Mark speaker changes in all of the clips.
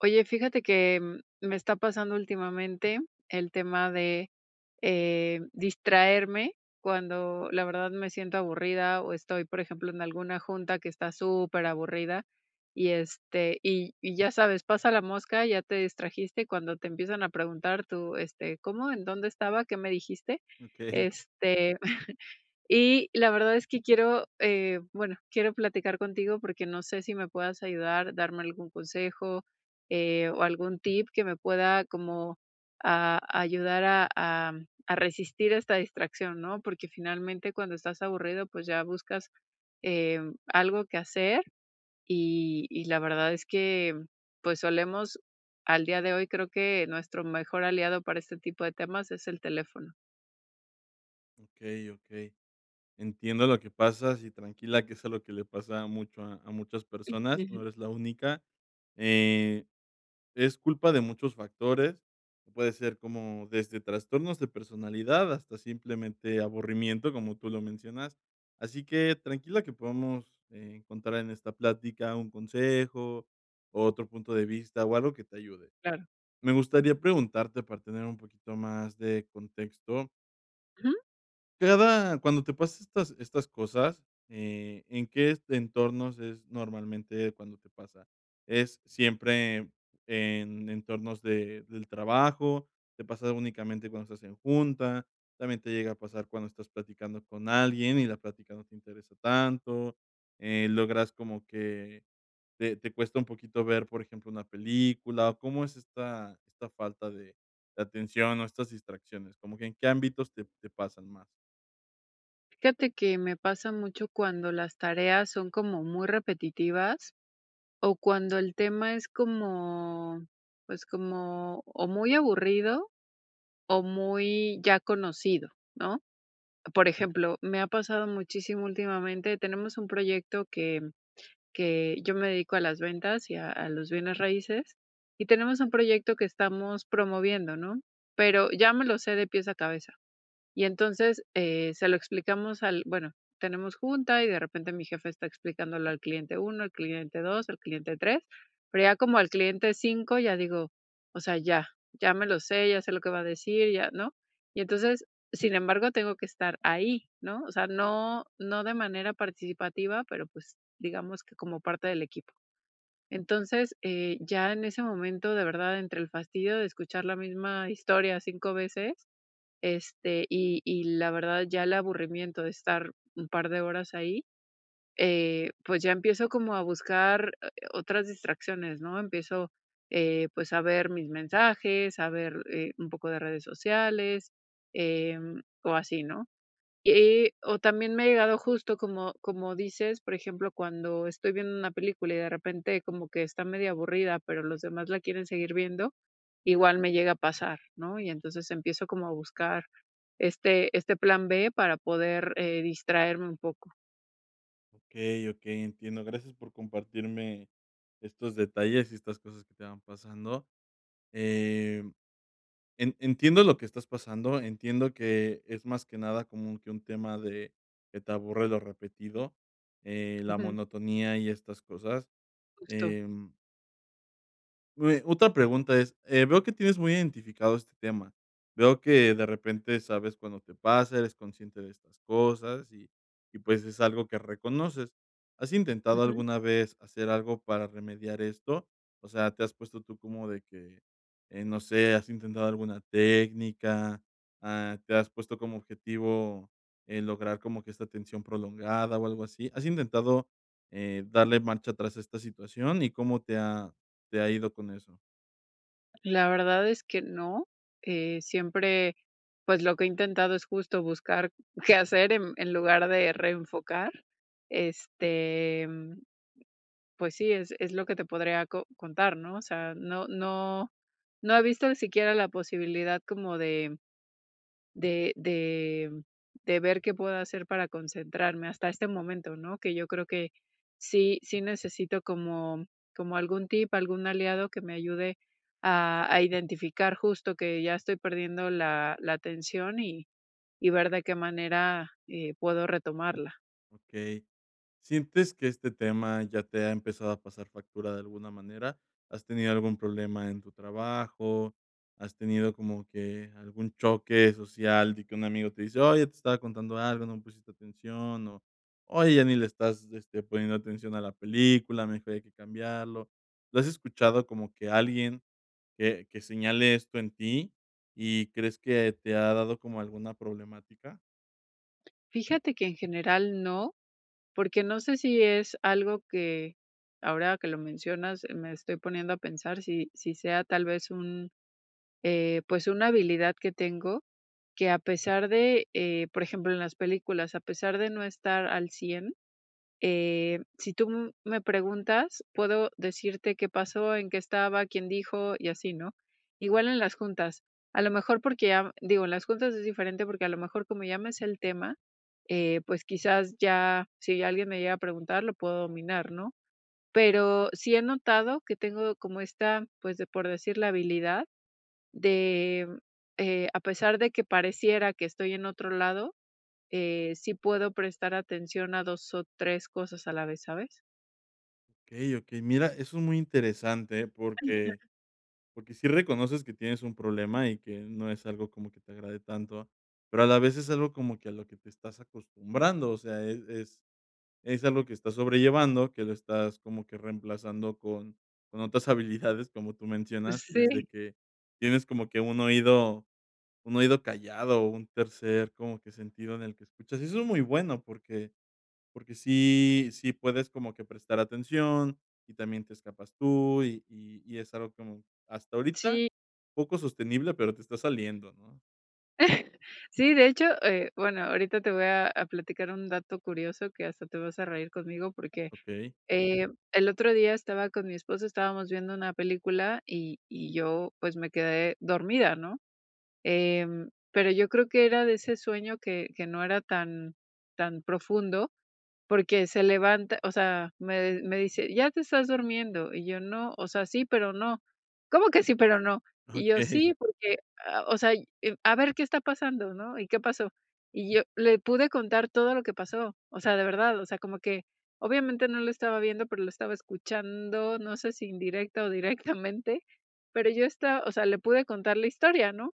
Speaker 1: Oye, fíjate que, mm, me está pasando últimamente, el tema de, eh, distraerme, cuando la verdad, me siento aburrida. O estoy, por ejemplo, en alguna junta, que está superaburrida. Y, este, y y ya sabes, pasa la mosca, ya te distrajiste, cuando te empiezan a preguntar, tú: "Este, ¿cómo? ¿En dónde estaba? ¿Qué me dijiste?".
Speaker 2: Okey.
Speaker 1: Este, y, la verdad, es que quiero, eh, bueno, quiero platicar contigo, porque no sé, si me puedas ayudar, darme algún consejo, eh, o algún tip, que me pueda como, a ayudar a a a resistir esta distracción, ¿no? Porque finalmente, cuando estás aburrido, pues, ya buscas, em, algo qué hacer. Y y la verdad, es que, mm, pues, solemos, al día de hoy, creo que, nuestro mejor aliado, para este tipo de temas, es el teléfono.
Speaker 2: Okey, okey. Entiendo lo que pasas, y tranquila, que eso es lo que le pasa a mucho a muchas
Speaker 1: Mm,
Speaker 2: personas, no
Speaker 1: ujú.
Speaker 2: eres la única. Eh, es culpa de muchos factores. Puede ser, como, desde trastornos de personalidad, hasta simplemente, aburrimiento, como tú lo mencionas. Así que, tranquila. Que podamos, eh, encontrar en esta plática, un consejo, o otro punto de vista, o algo que te ayude.
Speaker 1: Claro.
Speaker 2: Me gustaría preguntarte, para tener un poquito más de contexto.
Speaker 1: Ujú.
Speaker 2: Cada cuando te pasa estas estas cosas, eh, ¿en qué entornos es normalmente cuando te pasa? ¿Es siempre en entornos de, del trabajo? ¿Te pasa únicamente cuando estás en junta? ¿También te llega a pasar cuando estás platicando con alguien y la práctica no te interesa tanto? Eh, logras como que te te cuesta un poquito ver, por ejemplo, una película o ¿cómo es esta esta falta de atención o estas distracciones como que en qué ámbitos te te pasan más?
Speaker 1: Fíjate que me pasa mucho cuando las tareas son como muy repetitivas o cuando el tema es como, pues, como o muy aburrido o muy ya conocido, ¿no? Por ejemplo, me ha pasado muchísimo últimamente. Tenemos un proyecto que que yo me dedico a las ventas y a los bienes raíces y tenemos un proyecto que estamos promoviendo, ¿no? Pero ya me lo sé de pies a cabeza. Y entonces, eh, se lo explicamos al bueno, tenemos junta y de repente mi jefe está explicándolo al cliente 1, al cliente 2, al cliente 3, pero ya como al cliente 5 ya digo, o sea, ya, ya me lo sé, ya sé lo que va a decir ya, ¿no? Y entonces, sin embargo, tengo que estar ahí, ¿no? O sea, no no de manera participativa, pero, pues, digamos que como parte del equipo. Entonces, eh, ya en ese momento, de verdad, entre el fastidio de escuchar la misma historia 5 veces, este, y y la verdad, ya el aburrimiento de estar un par de horas ahí, eh, pues, ya empiezo como a buscar, eh o otras distracciones, ¿no? Empiezo, eh, pues, a ver mis mensajes, a ver, eh, un poco de redes sociales, em, o así, ¿no? Y y, o también me ha llegado justo como como dices, por ejemplo, cuando estoy viendo una película y de repente como que está medio aburrida, pero los demás la quieren seguir viendo, igual me llega a pasar, ¿no? Y entonces empiezo como a buscar este este plan B para poder, eh, distraerme un poco.
Speaker 2: Okey okey, entiendo, gracias por compartirme estos detalles y estas cosas que te van pasando, eh, en entiendo lo que estás pasando, entiendo que es más que nada como que un tema de que te aburre lo repetido, eh, la
Speaker 1: Ujú.
Speaker 2: monotonía y estas cosas,
Speaker 1: Justo.
Speaker 2: em [unintelligible] Otra pregunta es, eh, veo que tienes muy identificado este tema, veo que de repente sabes cuando te pasa, eres consciente de estas cosas, y y pues, es algo que reconoces, ¿has intentado
Speaker 1: Ujú.
Speaker 2: alguna vez hacer algo para remediar esto? O sea, te has puesto tú como de que, eh, no sé, ¿has intentado alguna técnica? Ah, ¿te has puesto como objetivo, en lograr como que esta tensión prolongada o algo así? ¿Has intentado, eh, darle marcha tras esta situación? ¿Y cómo te ha te ha ido con eso?
Speaker 1: La verdad es que no, eh, siempre, pues, lo que he intentado es, justo, buscar qué hacer en en lugar de reenfocar, este, pues sí, es es lo que te podría co contar, ¿no?, o sea, no no no he visto ni siquiera la posibilidad como de de de de ver qué puedo hacer para concentrarme hasta este momento, ¿no?, que yo creo que, sí sí necesito, como como algún tip, algún aliado que me ayude a a identificar, justo, que ya estoy perdiendo la la atención, y y ver de qué manera, eh, puedo retomarla.
Speaker 2: Okey, ¿sientes que este tema ya te ha empezado a pasar factura de alguna manera? ¿Has tenido algún problema en tu trabajo? ¿Has tenido como que algún choque social de que un amigo te dice: "Oye, te estaba contando algo, no me pusiste atención", o "Oye, ya ni le estás, este, poniendo atención a la película, mejor hay que cambiarlo?". ¿Lo has escuchado como que alguien, que que señale esto en ti, y crees que te ha dado como alguna problemática?
Speaker 1: Fíjate que en general no, porque no sé si es algo que, ahora que lo mencionas, me estoy poniendo a pensar si si sea tal vez un, eh, pues, una habilidad que tengo, que a pesar de, eh, por ejemplo, en las películas, a pesar de no estar al 100, eh, si tú me preguntas, puedo decirte qué pasó, en qué estaba, quién dijo y así, ¿no? Igual en las juntas. A lo mejor porque a digo, en las juntas es diferente, porque a lo mejor como ya me sé el tema, eh, pues, quizás ya, si alguien me llega a preguntar, lo puedo dominar, ¿no? Pero sí he notado que tengo como esta, pues, de por decir, la habilidad de, eh, a pesar de que pareciera que estoy en otro lado, eh, sí puedo prestar atención a 2 o 3 cosas a la vez, ¿sabes?
Speaker 2: Okey, okey, mira, eso es muy interesante, eh, porque
Speaker 1: [unintelligible]
Speaker 2: porque sí reconoces que tienes un problema y que no es algo como que te agrade tanto, pero a la vez es algo como que a lo que te estás acostumbrando. O sea, es es es algo que estás sobrellevando, que lo estás como que reemplazando con con otras habilidades como tú mencionas, que es de
Speaker 1: Sí.
Speaker 2: que tienes como que un oído un oído callado o un tercer como que sentido en el que escuchas. Eso es muy bueno porque porque sí sí puedes como que prestar atención y también te escapas tú y y y es algo que hasta ahorita
Speaker 1: Sí.
Speaker 2: poco sostenible, pero te está saliendo, ¿no?
Speaker 1: Sí, de hecho, eh, bueno, ahorita te voy a a platicar un dato curioso que hasta te vas a reír conmigo, porque,
Speaker 2: Okey.
Speaker 1: eh, el otro día estaba con mi esposo. Estábamos viendo una película y y yo pues, me quedé dormida, ¿no? Em, pero yo creo que era de ese sueño que que no era tan tan profundo, porque se levanta o sea, me me dice: "Ya te estás durmiendo" y yo: "No, o sea, sí, pero no". "¿Cómo que sí, pero no?" Y yo:
Speaker 2: Okey.
Speaker 1: "Sí, porque, a o sea, a ver qué está pasando", ¿no? "¿Y qué pasó?" Y yo, le pude contar todo lo que pasó. O sea, de verdad. O sea, como que obviamente no lo estaba viendo, pero lo estaba escuchando. No sé, si indirecta o directamente, pero yo esta o sea, le pude contar la historia, ¿no?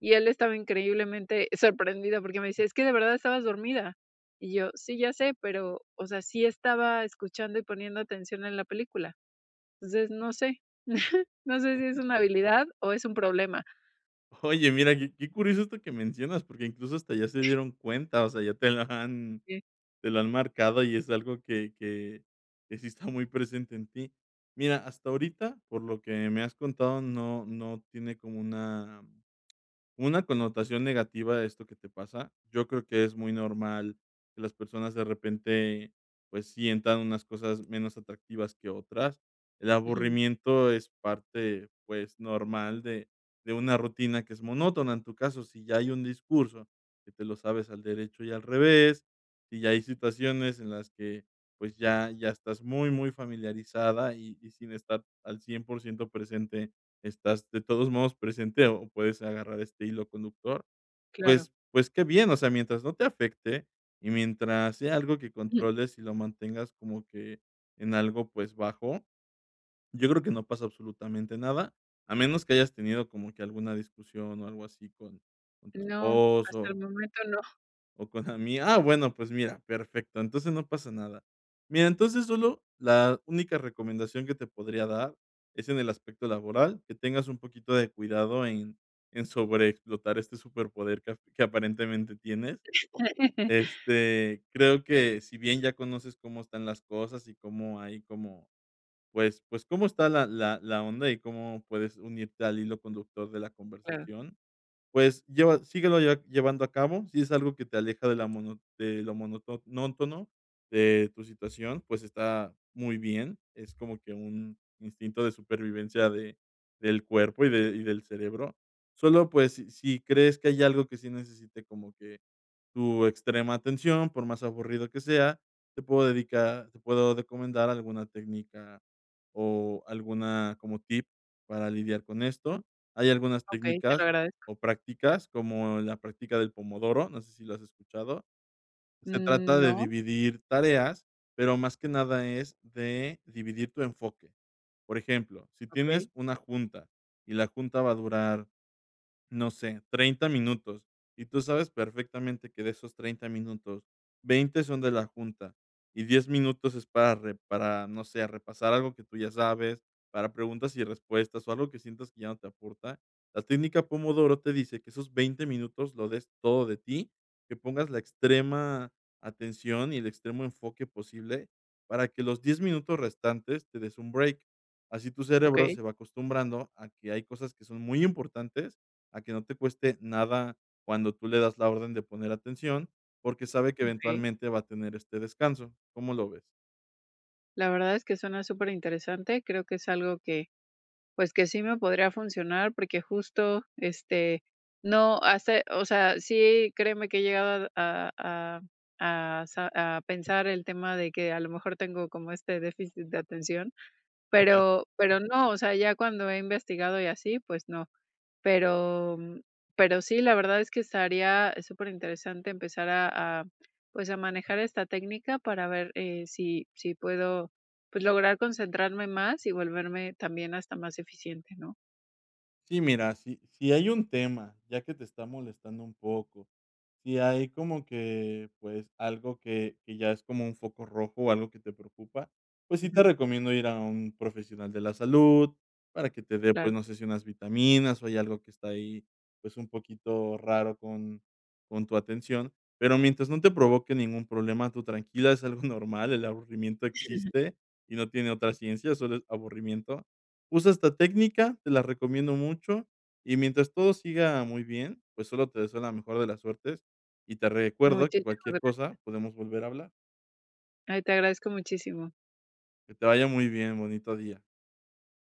Speaker 1: y él estaba increíblemente sorprendido porque me dice: "Es que de verdad estabas dormida" y yo: "Sí, ya sé", pero o sea, sí estaba escuchando y poniendo atención en la película. Entonces no sé, no sé si es una habilidad o es un problema.
Speaker 2: Oye, mira qué qué curioso esto que mencionas porque, incluso, hasta ya se dieron cuenta, o sea, ya te la han
Speaker 1: Sí.
Speaker 2: te la han marcado y es algo que que que sí está muy presente en ti. Mira, hasta ahorita, por lo que me has contado, no no tiene como una, una connotación negativa de esto que te pasa. Yo creo que es muy normal que las personas, de repente, pues, sientan unas cosas menos atractivas que otras. El
Speaker 1: Ujú.
Speaker 2: aburrimiento es parte, pues, normal de de una rutina que es monótona, en tu caso, si ya hay un discurso que te lo sabes al derecho y al revés. si ya hay situaciones en las que, pues, ya ya estás muy, muy familiarizada y y sin estar al 100 por ciento presente, estás de todos modos presente o puedes agarrar este hilo conductor,
Speaker 1: Claro.
Speaker 2: pues pues, qué bien, o sea, mientras no te afecte y mientras sea algo que
Speaker 1: Jum.
Speaker 2: controles y lo mantengas como que en algo, pues, bajo, yo creo que no pasa absolutamente nada, a menos que hayas tenido como que alguna discusión o algo así con con tu
Speaker 1: No, hasta el
Speaker 2: esposo
Speaker 1: momento no.
Speaker 2: O con ami ah, bueno, pues, mira, perfecto. Entonces, no pasa nada. Mira, entonces, solo la única recomendación que te podría dar, es en el aspecto laboral que tengas un poquito de cuidado en en sobreexplotar este superpoder que que aparentemente tienes, este, creo que si bien, ya conoces cómo están las cosas y cómo hay como, pues pues, cómo está la la la onda y cómo puedes unirte al hilo conductor de la
Speaker 1: Claro.
Speaker 2: conversación, pues, lleva síguelo lle llevando a cabo, si es algo que te aleja de la mono de lo monótono de tu situación, pues, está muy bien, es como que un instinto de supervivencia de del cuerpo y de y del cerebro. Solo, pues, si si crees que hay algo que sí necesite como que tu extrema atención, por más aburrido que sea, te puedo dedicar te puedo recomendar alguna técnica o alguna como tip para lidiar con
Speaker 1: Mm,
Speaker 2: esto. Hay algunas
Speaker 1: okey, te lo
Speaker 2: técnicas
Speaker 1: agradezco.
Speaker 2: o prácticas, como la práctica del Pomodoro, no sé, ¿si la has escuchado? Se
Speaker 1: Mm,
Speaker 2: trata de
Speaker 1: no.
Speaker 2: dividir tareas, pero más que nada, es de dividir tu enfoque, por ejemplo, si tienes
Speaker 1: Okey.
Speaker 2: una junta y la junta va a durar, no sé, 30 minutos, y tú sabes perfectamente que de esos 30 minutos, 20 son de la junta y 10 minutos es para re para no sé, repasar algo que tú ya sabes, para preguntas y respuestas o algo que sientas que ya no te aporta, la técnica
Speaker 1: Ujú.
Speaker 2: Pomodoro te dice que esos 20 minutos, lo des todo de ti, que pongas la extrema atención y el extremo enfoque posible para que los 10 minutos restantes te des un break, así tu cerebro
Speaker 1: Okey.
Speaker 2: se va acostumbrando a que hay cosas que son muy importantes, a que no te cueste nada cuando tú le das la orden de poner atención, porque sabe que
Speaker 1: Okey.
Speaker 2: eventualmente va a tener este descanso, ¿cómo lo ves?
Speaker 1: La verdad es que, suena súper interesante, creo que es algo que, pues, que sí me podría funcionar porque justo, este, no hace o sea, sí, créeme que he llegado a a a sa a pensar el tema de que, a lo mejor, tengo como este déficit de atención,
Speaker 2: [unintelligible]
Speaker 1: pero pero no, o sea, ya cuando he investigado, y así, pues no, pero pero sí, la verdad, es que estaría súper interesante empezar a a, pues, a manejar esta técnica para ver, eh, si si puedo, pues, lograr concentrarme más y volverme también hasta más eficiente, ¿no?
Speaker 2: Sí, mira, si, si hay un tema, ya que te está molestando un poco, si hay como que, pues, algo que que ya es como un foco rojo, o algo que te preocupa, pues sí te
Speaker 1: Ujú.
Speaker 2: recomiendo ir a un profesional de la salud para que te dé, pues,
Speaker 1: Claro.
Speaker 2: no sé si unas vitaminas, o hay algo que está ahí, pues, un poquito raro con con tu atención, pero mientras no te provoque ningún problema, tú tranquila, es algo normal, el aburrimiento existe y no tiene otra ciencia, solo es aburrimiento, usa esta técnica, te la recomiendo mucho, y mientras todo siga muy bien, pues, sólo te deseo la mejor de las suertes y te recuerdo que
Speaker 1: Muchísimas
Speaker 2: cualquier
Speaker 1: gracias
Speaker 2: cosa podemos volver a hablar.
Speaker 1: Ay, te agradezco muchísimo.
Speaker 2: Que te vaya muy bien, bonito día.